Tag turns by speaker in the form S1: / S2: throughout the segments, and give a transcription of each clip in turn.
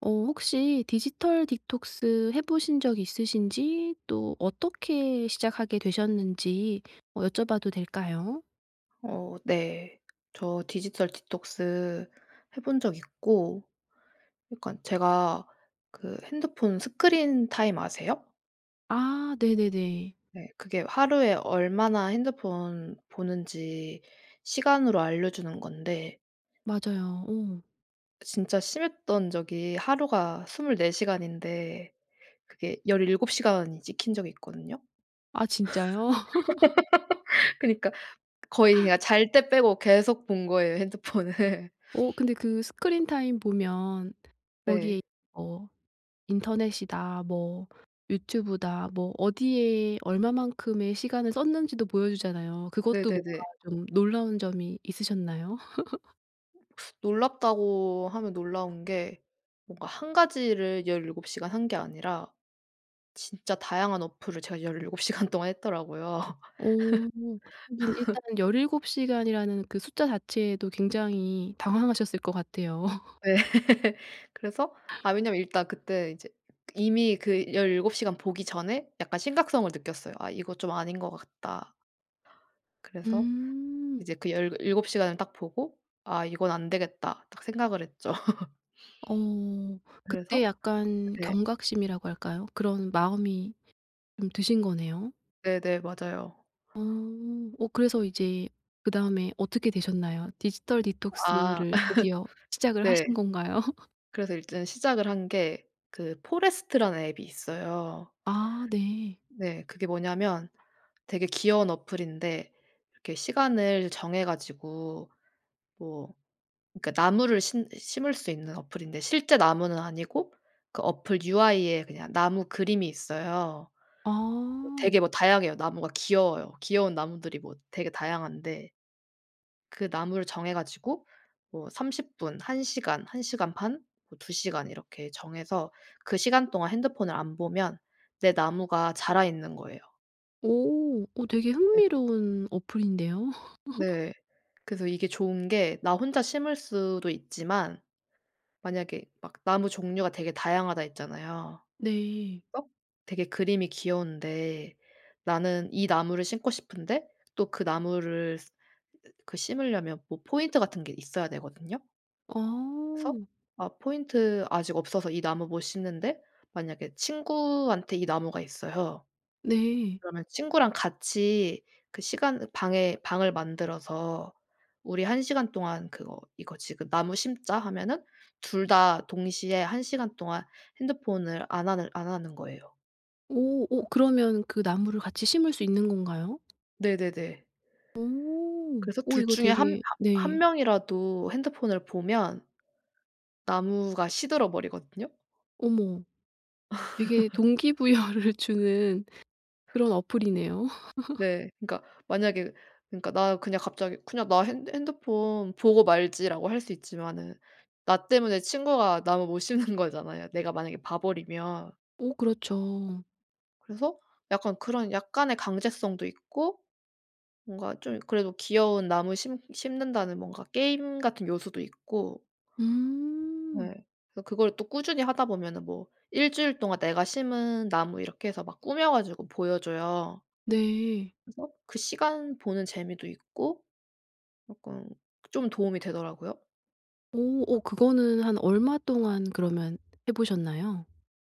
S1: 어 혹시 디지털 디톡스 해보신 적이 있으신지 또 어떻게 시작하게 되셨는지 어 여쭤봐도 될까요?
S2: 어 네. 저 디지털 디톡스 해 본 적 있고. 약간 제가 그 핸드폰 스크린 타임 아세요?
S1: 아 네네네.
S2: 네. 그게 하루에 얼마나 핸드폰 보는지 시간으로 알려 주는 건데
S1: 맞아요. 오.
S2: 진짜 심했던 적이 하루가 24 시간인데 그게 17 시간 찍힌 적이 있거든요?
S1: 아 진짜요?
S2: 그니까 거의 그냥 잘 때 빼고 계속 본 거예요 핸드폰을.
S1: 어 근데 그 스크린 타임 보면 거기에
S2: 네.
S1: 뭐 인터넷이다 뭐 유튜브다 뭐 어디에 얼마만큼의 시간을 썼는지도 보여 주잖아요. 그것도 뭔가
S2: 네네네.
S1: 좀 놀라운 점이 있으셨나요?
S2: 놀랍다고 하면 놀라운 게 뭔가 1 가지를 17 시간 한 게 아니라 진짜 다양한 어플을 제가 17 시간 동안 했더라고요.
S1: 어 하긴 일단은 17 시간이라는 그 숫자 자체에도 굉장히 당황하셨을 것 같아요.
S2: 네. 그래서 아 왜냐하면 일단 그때 이제 이미 그 17 시간 보기 전에 약간 심각성을 느꼈어요. '아 이거 좀 아닌 것 같다.' 그래서
S1: 음.
S2: 이제 그 17 시간을 딱 보고 '아 이건 안 되겠다.' 딱 생각을 했죠.
S1: 어
S2: 그래서
S1: 그때 약간
S2: 네.
S1: 경각심이라고 할까요? 그런 마음이 좀 드신 거네요.
S2: 네네. 맞아요.
S1: 어. 어 그래서 이제 그다음에 어떻게 되셨나요? 디지털
S2: 아
S1: 디톡스를 드디어 시작을
S2: 네.
S1: 하신 건가요?
S2: 그래서 일단 시작을 한 게 그 포레스트라는 앱이 있어요.
S1: 아. 네.
S2: 네. 그게 뭐냐하면 되게 귀여운 어플인데 이렇게 시간을 정해 가지고 뭐 그러니까 나무를 신 심을 수 있는 어플인데 실제 나무는 아니고 그 어플 UI에 그냥 나무 그림이 있어요.
S1: 아.
S2: 되게 뭐 다양해요. 나무가 귀여워요. 귀여운 나무들이 뭐 되게 다양한데 그 나무를 정해가지고 뭐 30 분, 1 시간, 1 시간 반, 뭐 2 시간 이렇게 정해서 그 시간 동안 핸드폰을 안 보면 내 나무가 자라 있는 거예요.
S1: 오. 어 되게
S2: 네.
S1: 흥미로운 어플인데요.
S2: 네. 그래서 이게 좋은 게 나 혼자 심을 수도 있지만 만약에 막 나무 종류가 되게 다양하다 했잖아요.
S1: 네.
S2: 막 되게 그림이 귀여운데 나는 이 나무를 심고 싶은데 또 그 나무를 스 으 그 심으려면 보 포인트 같은 게 있어야 되거든요? 그래서
S1: 어.
S2: 아 포인트 아직 없어서 이 나무 못 심는데 만약에 친구한테 이 나무가 있어요.
S1: 네.
S2: 그러면 친구랑 같이 그 시간 방에 방을 만들어서 "우리 1 시간 동안 그거 이거 지금 나무 심자." 하면은 2 다 동시에 1 시간 동안 핸드폰을 안 하늘 안 하는 거예요.
S1: 오. 오 그러면 그 나무를 같이 심을 수 있는 건가요?
S2: 네네네.
S1: 오.
S2: 그래서
S1: 오
S2: 2
S1: 이거
S2: 중에 1-
S1: 되게
S2: 1
S1: 네.
S2: 명이라도 핸드폰을 보면 나무가 시들어 버리거든요.
S1: 어머 이게 동기 부여를 주는 그런 어플이네요.
S2: 네. 그러니까 만약에 그러니까 나 그냥 갑자기 '그냥 나 핸대 핸드폰 보고 말지.'라고 할 수 있지만은 나 때문에 친구가 나무 못 심는 거잖아요, 내가 만약에 봐 버리면.
S1: 오 그렇죠.
S2: 그래서 약간 그런 약간의 강제성도 있고 뭔가 좀 그래도 '귀여운 나무 심 심는다.'는 뭔가 게임 같은 요소도 있고
S1: 음.
S2: 네. 그래서 그걸 또 꾸준히 하다 보면은 뭐 "1 주일 동안 내가 심은 나무." 이렇게 해서 막 꾸며 가지고 보여 줘요.
S1: 네.
S2: 그래서 그 시간 보는 재미도 있고 약간 좀 도움이 되더라고요.
S1: 오. 오 그거는 한 얼마 동안 그러면 해보셨나요?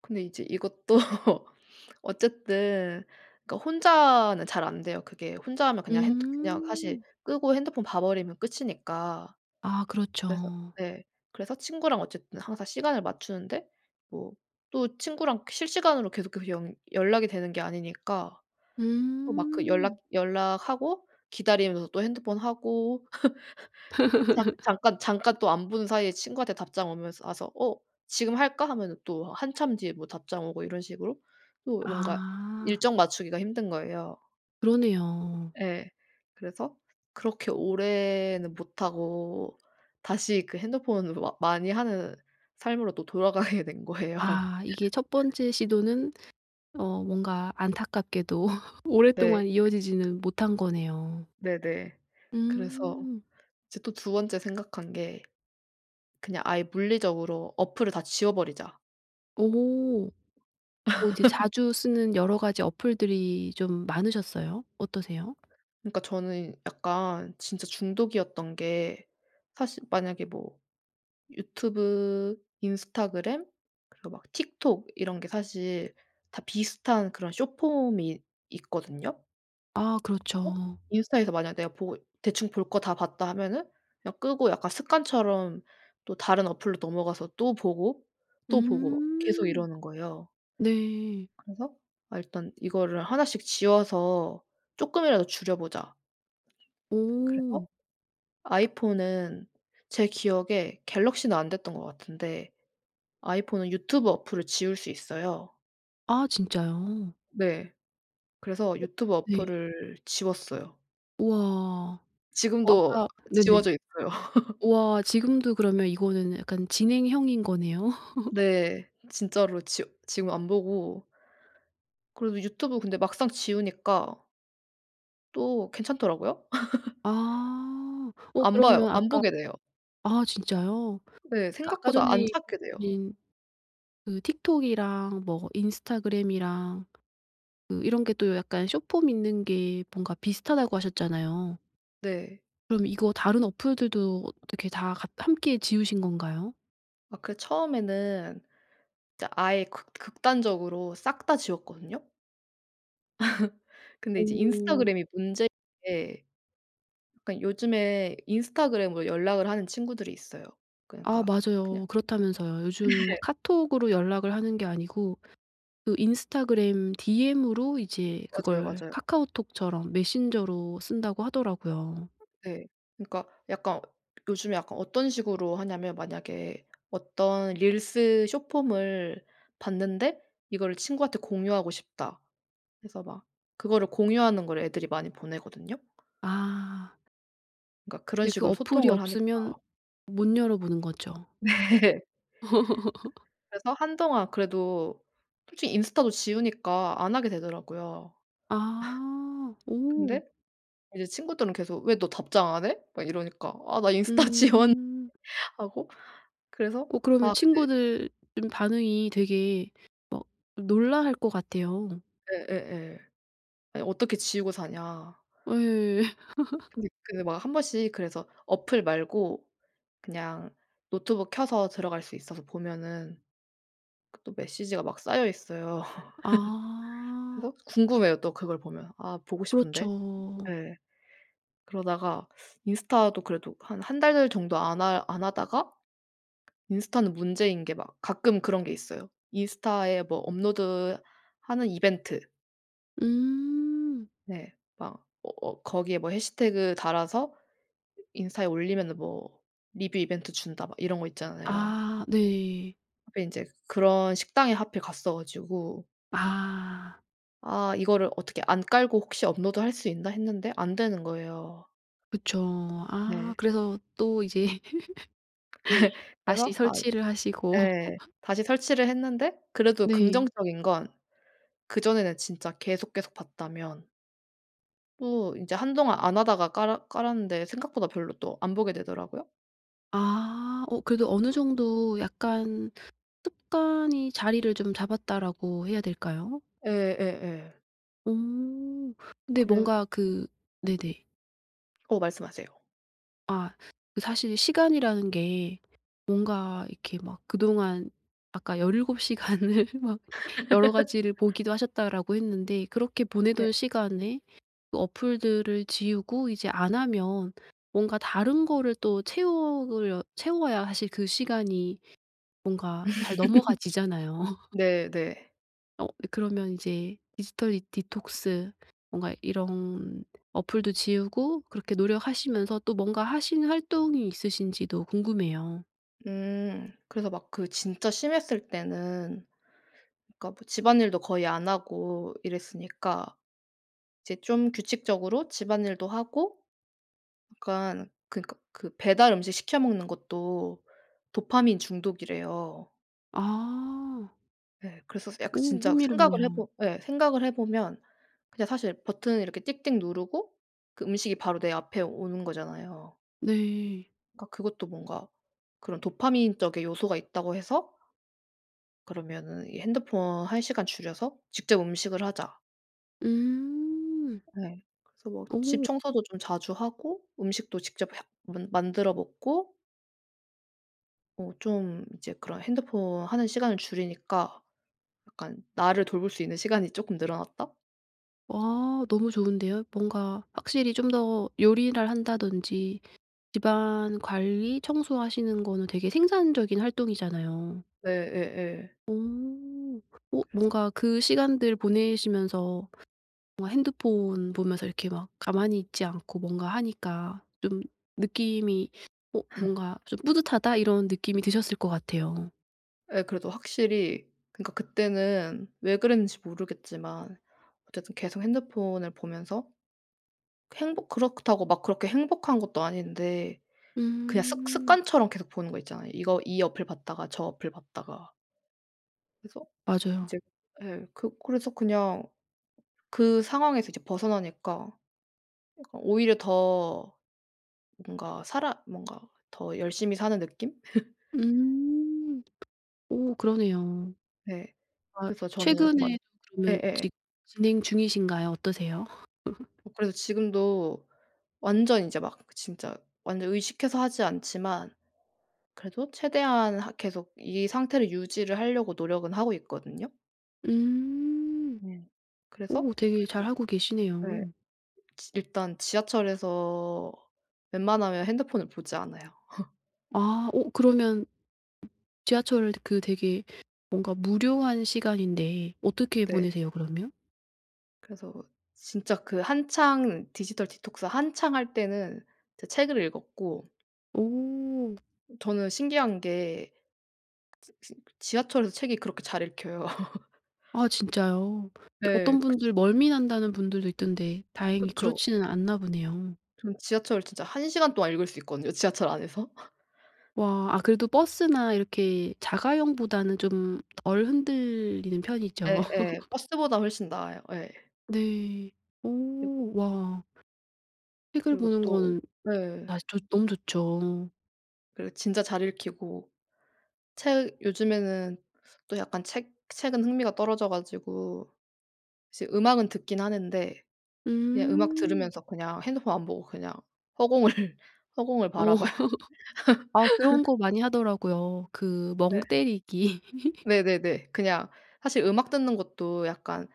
S2: 근데 이제 이것도 어쨌든 그러니까 혼자는 잘 안 돼요, 그게. 혼자 하면 그냥 핸뜨 그냥 사실
S1: 음.
S2: 끄고 핸드폰 봐 버리면 끝이니까.
S1: 아
S2: 그래서
S1: 그렇죠.
S2: 네. 그래서 친구랑 어쨌든 항상 시간을 맞추는데 뭐 또 친구랑 실시간으로 계속해서 연 연락이 되는 게 아니니까 또 막 그 연락
S1: 음.
S2: 연락하고 기다리면서 또 핸드폰 하고 잠 잠깐 잠깐 또 안 본 사이에 친구한테 답장 오면서 와서 어 "지금 할까?" 하면은 또 한참 뒤에 뭐 답장 오고 이런 식으로 또 뭔가
S1: 아.
S2: 일정 맞추기가 힘든 거예요.
S1: 그러네요.
S2: 예. 그래서 그렇게 오래는 못 하고 다시 그 핸드폰으로 어 많이 하는 삶으로 또 돌아가게 된 거예요.
S1: 아 이게 1 번째 시도는 어 뭔가 안타깝게도
S2: 네.
S1: 오랫동안 이어지지는 못한 거네요.
S2: 네네. 그래서
S1: 음.
S2: 이제 또 2 번째 생각한 게 그냥 아예 물리적으로 어플을 다 지워 버리자.
S1: 어머. 어 이제 자주 쓰는 여러 가지 어플들이 좀 많으셨어요? 어떠세요?
S2: 그러니까 저는 약간 진짜 중독이었던 게 사실 만약에 뭐 유튜브, 인스타그램 그리고 막 틱톡 이런 게 사실 다 비슷한 그런 숏폼이 있거든요.
S1: 아.
S2: 그래서
S1: 그렇죠.
S2: 인스타에서 만약 내가 보고 '대충 볼 거 다 봤다.' 하면은 그냥 끄고 약간 습관처럼 또 다른 어플로 넘어가서 또 보고, 또 보고 뭐 계속
S1: 음.
S2: 이러는 거예요.
S1: 네.
S2: 그래서 아 일단 이거를 1 씩 지워서 쪼끔이라도 줄여보자. 그래서
S1: 오.
S2: 아이폰은 제 기억에 갤럭시는 안 됐던 것 같은데 아이폰은 유튜브 어플을 지울 수 있어요.
S1: 아 진짜요?
S2: 네. 그래서
S1: 오.
S2: 유튜브
S1: 네.
S2: 어플을 지웠어요.
S1: 우와. 어
S2: 지금도
S1: 아까 네네.
S2: 지워져 있고요.
S1: 우와. 지금도 그러면 이거는 약간 진행형인 거네요?
S2: 네. 진짜로 지워 지금 안 보고 그래도 유튜브 근데 막상 지우니까 또 괜찮더라고요.
S1: 아. 어
S2: 안 봐요.
S1: 그러면
S2: 안
S1: 아까
S2: 보게 돼요.
S1: 아 진짜요?
S2: 네.
S1: 아까 전에
S2: 생각보다 안
S1: 해
S2: 찾게 돼요.
S1: 주신그 틱톡이랑 뭐 인스타그램이랑 그 이런 게 또 약간 숏폼 있는 게 뭔가 비슷하다고 하셨잖아요.
S2: 네.
S1: 그럼 이거 다른 어플들도 어떻게 다 같 함께 지우신 건가요?
S2: 아 그 처음에는 진짜 아예 극 극단적으로 싹 다 지웠거든요. 근데 이제
S1: 오.
S2: 인스타그램이 문제인 게 약간 요즘에 인스타그램으로 연락을 하는 친구들이 있어요.
S1: 아
S2: 그러니까 그냥
S1: 맞아요. 그렇다면서요. 요즘
S2: 네.
S1: 카톡으로 연락을 하는 게 아니고 그 인스타그램 디엠으로 이제
S2: 맞아요,
S1: 그걸
S2: 맞아요.
S1: 카카오톡처럼 메신저로 쓴다고 하더라고요.
S2: 네. 그러니까 약간 요즘에 약간 어떤 식으로 하냐면 만약에 어떤 릴스 숏폼을 봤는데 '이거를 친구한테 공유하고 싶다.' 그래서 막 그거를 공유하는 거를 애들이 많이 보내거든요.
S1: 아.
S2: 그러니까 그런
S1: 근데 그
S2: 식으로
S1: 어플이
S2: 소통을 하니까.
S1: 없으면 못 열어보는 거죠.
S2: 네. 그래서 한동안 그래도 솔직히 인스타도 지우니까 안 하게 되더라고요.
S1: 아. 오.
S2: 근데 이제 친구들은 계속 "왜 너 답장 안 해?" 막 이러니까 "아. 나 인스타 지웠는데."
S1: 음.
S2: 하고. 그래서
S1: 어 그러면
S2: 아 근데
S1: 친구들 좀 반응이 되게 막 놀라할 것 같아요.
S2: 예예예. "아니 어떻게 지우고 사냐."
S1: 아예.
S2: 근데 그 막 1 번씩 그래서 어플 말고 그냥 노트북 켜서 들어갈 수 있어서 보면은 그 또 메시지가 막 쌓여 있어요.
S1: 아.
S2: 그래서 궁금해요 또 그걸 보면. '아 보고 싶은데?'
S1: 그렇죠.
S2: 예. 그러다가 인스타도 그래도 한 1 달 정도 안 하 안 하다가 인스타는 문제인 게 막 가끔 그런 게 있어요. 인스타에 뭐 업로드하는 이벤트.
S1: 음.
S2: 네. 막 어 어 거기에 뭐 해시태그를 달아서 인스타에 올리면은 뭐 리뷰 이벤트 준다 막 이런 거 있잖아요.
S1: 아. 네.
S2: 하필 인제 그런 식당에 하필 갔어 가지고
S1: 아.
S2: '아 이거를 어떻게 안 깔고 혹시 업로드할 수 있나?' 했는데 안 되는 거예요.
S1: 그쵸. 아
S2: 네.
S1: 그래서 또 이제
S2: 그래
S1: 다시
S2: 그래서 아
S1: 설치를 하시고.
S2: 예 다시 설치를 했는데 그래도
S1: 네.
S2: 긍정적인 건 그전에는 진짜 계속 계속 봤다면 또 인제 한동안 안 하다가 깔아 깔았는데 생각보다 별로 또 안 보게 되더라고요.
S1: 아. 어 그래도 어느 정도 약간 '습관이 자리를 좀 잡았다.'라고 해야 될까요?
S2: 예. 예예.
S1: 오. 근데
S2: 그랬
S1: 뭔가 그 네네.
S2: 어 말씀하세요.
S1: 아. 그 사실 시간이라는 게 뭔가 이렇게 막 그동안 아까 17 시간을 막 여러 가지를 보기도 하셨다라고 했는데 그렇게
S2: 네.
S1: 보내던 시간에 그 어플들을 지우고 이제 안 하면 뭔가 다른 거를 또 채우려 채워야 사실 그 시간이 뭔가 잘 넘어가지잖아요.
S2: 네네.
S1: 어 그러면 이제 디지털 이 디톡스 뭔가 이런 어플도 지우고 그렇게 노력하시면서 또 뭔가 하시는 활동이 있으신지도 궁금해요.
S2: 음. 그래서 막 그 진짜 심했을 때는 그러니까 뭐 집안일도 거의 안 하고 이랬으니까 이제 좀 규칙적으로 집안일도 하고 약간 그니까 그 배달 음식 시켜 먹는 것도 도파민 중독이래요.
S1: 아.
S2: 예. 그래서 스
S1: 어
S2: 약간 진짜 생각을 해
S1: 흥미롭네요.
S2: 보 예. 생각을 해 보면 그냥 사실 버튼을 이렇게 띡띡 누르고 그 음식이 바로 내 앞에 오는 거잖아요.
S1: 네.
S2: 그러니까 그것도 뭔가 그런 "도파민적의 요소가 있다."고 해서 그러면은 이 핸드폰 1 시간 줄여서 직접 음식을 하자.
S1: 음.
S2: 네. 그래서 뭐 집
S1: 오.
S2: 청소도 좀 자주 하고 음식도 직접 해 만 만들어 먹고 어 좀 이제 그런 핸드폰 하는 시간을 줄이니까 약간 나를 돌볼 수 있는 시간이 조금 늘어났다?
S1: 와 너무 좋은데요. 뭔가 확실히 좀 더 요리를 한다든지 집안 관리, 청소하시는 거는 되게 생산적인 활동이잖아요.
S2: 네. 예. 예.
S1: 어 어
S2: 그래서
S1: 뭔가 그 시간들 보내시면서 뭐 핸드폰 보면서 이렇게 막 가만히 있지 않고 뭔가 하니까 좀 느낌이 어 뭔가 좀 '뿌듯하다.' 이런 느낌이 드셨을 것 같아요.
S2: 예. 그래도 확실히 그러니까 그때는 왜 그랬는지 모르겠지만 어쨌든 계속 핸드폰을 보면서 행복 그렇다고 막 그렇게 행복한 것도 아닌데 그냥 습
S1: 음.
S2: 습관처럼 계속 보는 거 있잖아요. 이거 이 어플 봤다가 저 어플 봤다가. 그래서
S1: 맞아요.
S2: 이제 예. 그 그래서 그냥 그 상황에서 이제 벗어나니까 그러니까 오히려 더 뭔가 살아 뭔가 더 열심히 사는 느낌?
S1: 음 오 그러네요.
S2: 네.
S1: 아
S2: 그래서 저는 막
S1: 최근에 그러면
S2: 예예예.
S1: 지 진행 중이신가요? 어떠세요?
S2: 어 그래서 지금도 완전 인제 막 진짜 완전 의식해서 하지 않지만 그래도 최대한 하 계속 이 상태를 유지를 하려고 노력은 하고 있거든요.
S1: 음.
S2: 네. 그래서
S1: 오 되게 잘
S2: 그래도
S1: 하고
S2: 네.
S1: 계시네요.
S2: 지 일단 지하철에서 웬만하면 핸드폰을 보지 않아요.
S1: 아. 어 그러면 지하철을 되 그 되게 뭔가 무료한 시간인데 어떻게
S2: 네.
S1: 보내세요 그러면?
S2: 그래서 진짜 그 한창 디지털 디톡스 한창 할 때는 이제 책을 읽었고
S1: 오.
S2: 저는 신기한 게 지 지 지하철에서 책이 그렇게 잘 읽혀요.
S1: 아 진짜요? 뜨
S2: 네.
S1: 어떤
S2: 그츠
S1: 분들 "멀미 난다."는 분들도 있던데 다행히
S2: 그쵸.
S1: 그렇지는 않나 보네요.
S2: 저는 지하철을 진짜 1 시간 동안 읽을 수 있거든요, 지하철 안에서?
S1: 와. 아 그래도 버스나 이렇게 자가용보다는 좀 덜 흔들리는 편이죠.
S2: 예예. 버스보다 훨씬 나아요. 예.
S1: 네.
S2: 그리고
S1: 오 와. 책을
S2: 그리고
S1: 보는
S2: 또
S1: 거는
S2: 네.
S1: 나 시 좋 너무 좋죠.
S2: 그리고 진짜 잘 읽히고 책 요즘에는 또 약간 책 책은 흥미가 떨어져 가지고 이제 음악은 듣긴 하는데 그냥 음악
S1: 음.
S2: 들으면서 그냥 핸드폰 안 보고 그냥 허공을, 허공을
S1: 어
S2: 바라봐요.
S1: 아 그런 거 많이 하더라고요. 그 멍
S2: 네.
S1: 때리기.
S2: 네네네. 그냥 사실 음악 듣는 것도 약간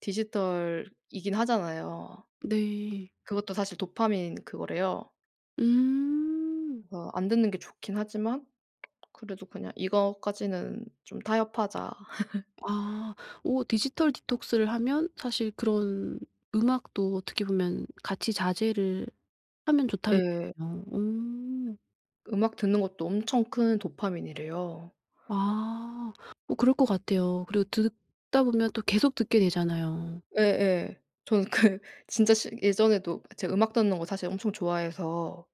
S2: 디지털이긴 하잖아요.
S1: 네.
S2: 그것도 사실 도파민 그거래요.
S1: 음.
S2: 그래서 안 듣는 게 좋긴 하지만 그래도 그냥 이거까지는 좀 타협하자.
S1: 아. 어 디지털 디톡스를 하면 사실 그런 음악도 어떻게 보면 '같이 자제를 하면 좋다.'는
S2: 예.
S1: 거군요. 어.
S2: 음악 듣는 것도 엄청 큰 도파민이래요.
S1: 아. 뭐 그럴 것 같아요. 그리고 드 듣 듣다 보면 또 계속 듣게 되잖아요.
S2: 예예. 저는 그 진짜 실 예전에도 그 제가 음악 듣는 거 사실 엄청 좋아해서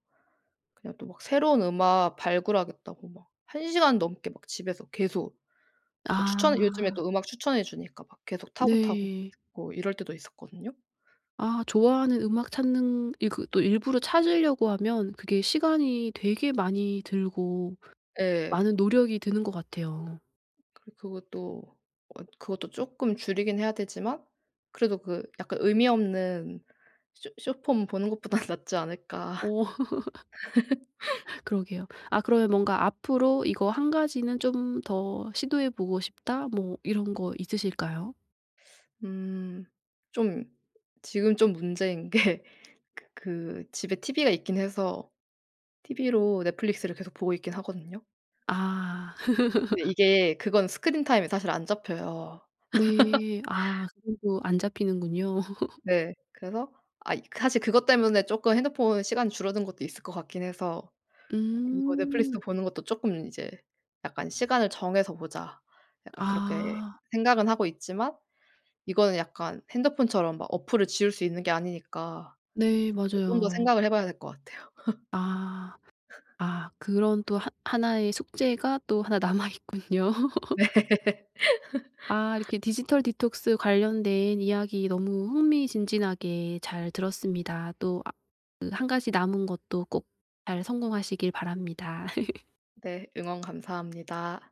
S2: 그냥 또 막 새로운 음악 발굴하겠다고 막 1 시간 넘게 막 집에서 계속 그 추천 요즘에
S1: 아.
S2: 또 음악 추천해 주니까 막 계속 타고, 타고
S1: 네.
S2: 뭐 이럴 때도 있었거든요.
S1: 아 좋아하는 음악 찾는 이 그 또 일부러 찾으려고 하면 그게 시간이 되게 많이 들고
S2: 예.
S1: 많은 노력이 드는 것 같아요.
S2: 그리고 그것도 어 그것도 조금 줄이긴 해야 되지만 그래도 그 약간 의미 없는 쇼 숏폼 보는 것보다는 낫지 않을까?
S1: 오. 그러게요. 아 그러면 뭔가 '앞으로 이거 1 가지는 좀 더 시도해 보고 싶다.' 뭐 이런 거 있으실까요?
S2: 음. 좀 지금 좀 문제인 게 그 그 집에 티브이가 있긴 해서 티브이로 넷플릭스를 계속 보고 있긴 하거든요?
S1: 아.
S2: 근데 이게 그건 스크린 타임에 사실 안 잡혀요.
S1: 네. 아 그건 또 안 잡히는군요.
S2: 네. 그래서 아이 그 사실 그것 때문에 쪼끔 핸드폰 시간이 줄어든 것도 있을 것 같긴 해서 이거 넷플릭스도
S1: 음.
S2: 보는 것도 조금 이제 약간 '시간을 정해서 보자.' 약간 그렇게
S1: 아.
S2: 생각은 하고 있지만 이거는 약간 핸드폰처럼 막 어플을 지울 수 있는 게 아니니까
S1: 네
S2: 또 좀 더
S1: 맞아요.
S2: 생각을 해 봐야 될 것 같아요.
S1: 아. 아 그런 또 하 하나의 숙제가 또 1 남아 있군요.
S2: 네.
S1: 아 이렇게 디지털 디톡스 관련된 이야기 너무 흥미진진하게 잘 들었습니다. 또 아 그 1 가지 남은 것도 꼭 잘 성공하시길 바랍니다.
S2: 네. 응원 감사합니다.